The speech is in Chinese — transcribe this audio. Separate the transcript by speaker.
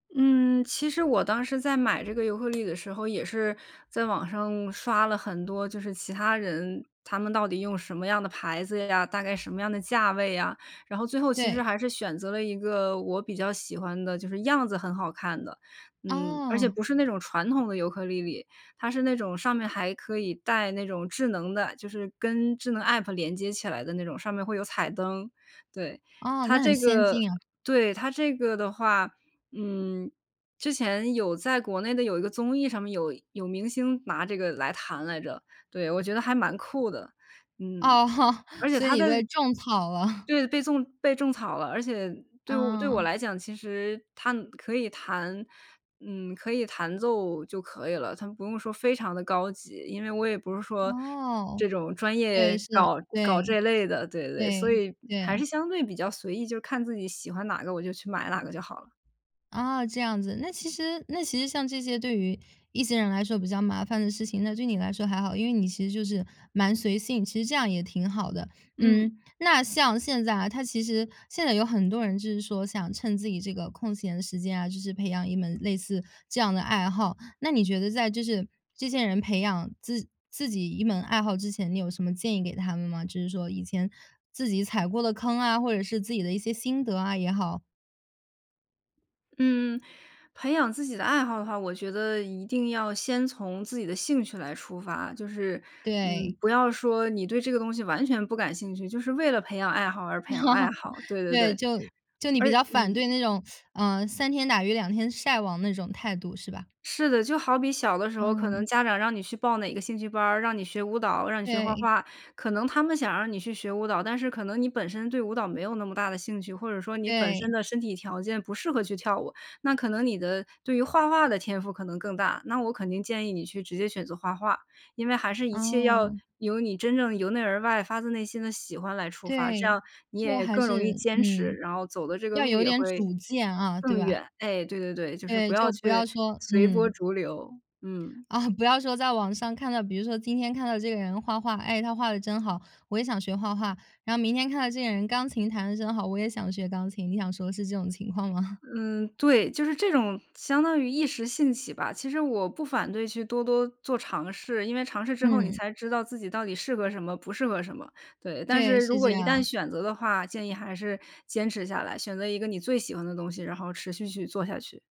Speaker 1: 嗯，其实我当时在买这个尤克里里的时候，也是在网上刷了很多就是买这个尤克其他人，他们到底用什么样的牌子呀？大概什么样的价位呀？然后最后其实
Speaker 2: 对。
Speaker 1: 还是选择了一个我比较喜欢的就是样子很好看的。嗯，而且
Speaker 2: 哦。
Speaker 1: 不是那种传统的尤克里里，它是那种上面还可以带那种智能的，就是跟智能 App 连接起来的那种，上面会有彩灯，对。
Speaker 2: 哦，
Speaker 1: 它
Speaker 2: 那很
Speaker 1: 这
Speaker 2: 先
Speaker 1: 个
Speaker 2: 进啊。
Speaker 1: 对，它这个的话，嗯，之前有在国内的有一个综艺上面有有明星拿这个来弹来着。对，我觉得还蛮酷的，嗯。
Speaker 2: 哦豁，
Speaker 1: 而且
Speaker 2: 所以
Speaker 1: 它
Speaker 2: 你
Speaker 1: 的
Speaker 2: 被种草了。
Speaker 1: 对，被粽被种草了。而且对我对我
Speaker 2: 嗯。
Speaker 1: 来讲，其实它可以弹，嗯，可以弹奏就可以了，它不用说非常地高级。因为我也不是说，
Speaker 2: 哦，
Speaker 1: 这种专
Speaker 2: 对，
Speaker 1: 业
Speaker 2: 是。
Speaker 1: 搞搞
Speaker 2: 对，
Speaker 1: 这类的，对对。所
Speaker 2: 对，
Speaker 1: 以还
Speaker 2: 对。
Speaker 1: 是相对比较随意，就看自己喜欢哪个我就去买哪个就好了。
Speaker 2: 啊，这样子。那其实那其实像这些对于一些人来说比较麻烦的事情，那对你来说还好。因为你其实就是蛮随性，其实这样也挺好的。
Speaker 1: 嗯。
Speaker 2: 嗯，那像现在啊，它其实现在有很多人就是说想趁自己这个空闲的时间啊，就是培养一门类似这样的爱好。那你觉得在就是这些人培养自自己一门爱好之前，你有什么建议给他们吗？就是说以前自己踩过的坑啊，或者是自己的一些心得啊也好。
Speaker 1: 嗯，培养自己的爱好的话，我觉得一定要先从自己的兴趣来出发。就是，嗯，
Speaker 2: 对。
Speaker 1: 不要说你对这个东西完全不感兴趣，就是为了培养爱好而培养爱好，对对
Speaker 2: 对，
Speaker 1: 对。
Speaker 2: 就就你
Speaker 1: 而
Speaker 2: 比较反对
Speaker 1: 嗯。
Speaker 2: 那种，呃，三天打鱼两天晒网那种态度是吧？
Speaker 1: 是的，就好比小的时候，可能
Speaker 2: 嗯。
Speaker 1: 家长让你去报哪个兴趣班儿，让你学舞蹈、让你学画
Speaker 2: 对。
Speaker 1: 画。可能他们想让你去学舞蹈，但是可能你本身对舞蹈没有那么大的兴趣，或者说你本身
Speaker 2: 对。
Speaker 1: 的身体条件不适合去跳舞。那可能你的对于画画的天赋可能更大，那我肯定建议你去直接选择画画。因为还是一切要
Speaker 2: 哦。
Speaker 1: 由你真正由内而外发自内心的喜欢来出发，这
Speaker 2: 对，
Speaker 1: 样你
Speaker 2: 就
Speaker 1: 也
Speaker 2: 还
Speaker 1: 更容易
Speaker 2: 是
Speaker 1: 坚持，
Speaker 2: 嗯。
Speaker 1: 然后走的这个
Speaker 2: 要
Speaker 1: 路
Speaker 2: 有
Speaker 1: 也
Speaker 2: 点
Speaker 1: 会，
Speaker 2: 主见，啊，对
Speaker 1: 更远。
Speaker 2: 吧？
Speaker 1: 哎，对对对，就是不
Speaker 2: 对，
Speaker 1: 要
Speaker 2: 就不要
Speaker 1: 去
Speaker 2: 说
Speaker 1: 随波
Speaker 2: 嗯。
Speaker 1: 逐流，嗯。
Speaker 2: 啊，不要说在网上看到，比如说今天看到这个人画画，哎，他画得真好，我也想学画画。然后明天看到这个人钢琴弹得真好，我也想学钢琴。你想说的是这种情况吗？
Speaker 1: 嗯，对，就是这种相当于一时兴起吧，其实我不反对去多多做尝试。因为尝试之后你
Speaker 2: 嗯。
Speaker 1: 才知道自己到底适合什么不适合什么，对。但是
Speaker 2: 对，
Speaker 1: 如
Speaker 2: 是
Speaker 1: 果
Speaker 2: 这
Speaker 1: 一旦
Speaker 2: 样。
Speaker 1: 选择的话，建议还是坚持下来，选择一个你最喜欢的东西，然后持续去做下去。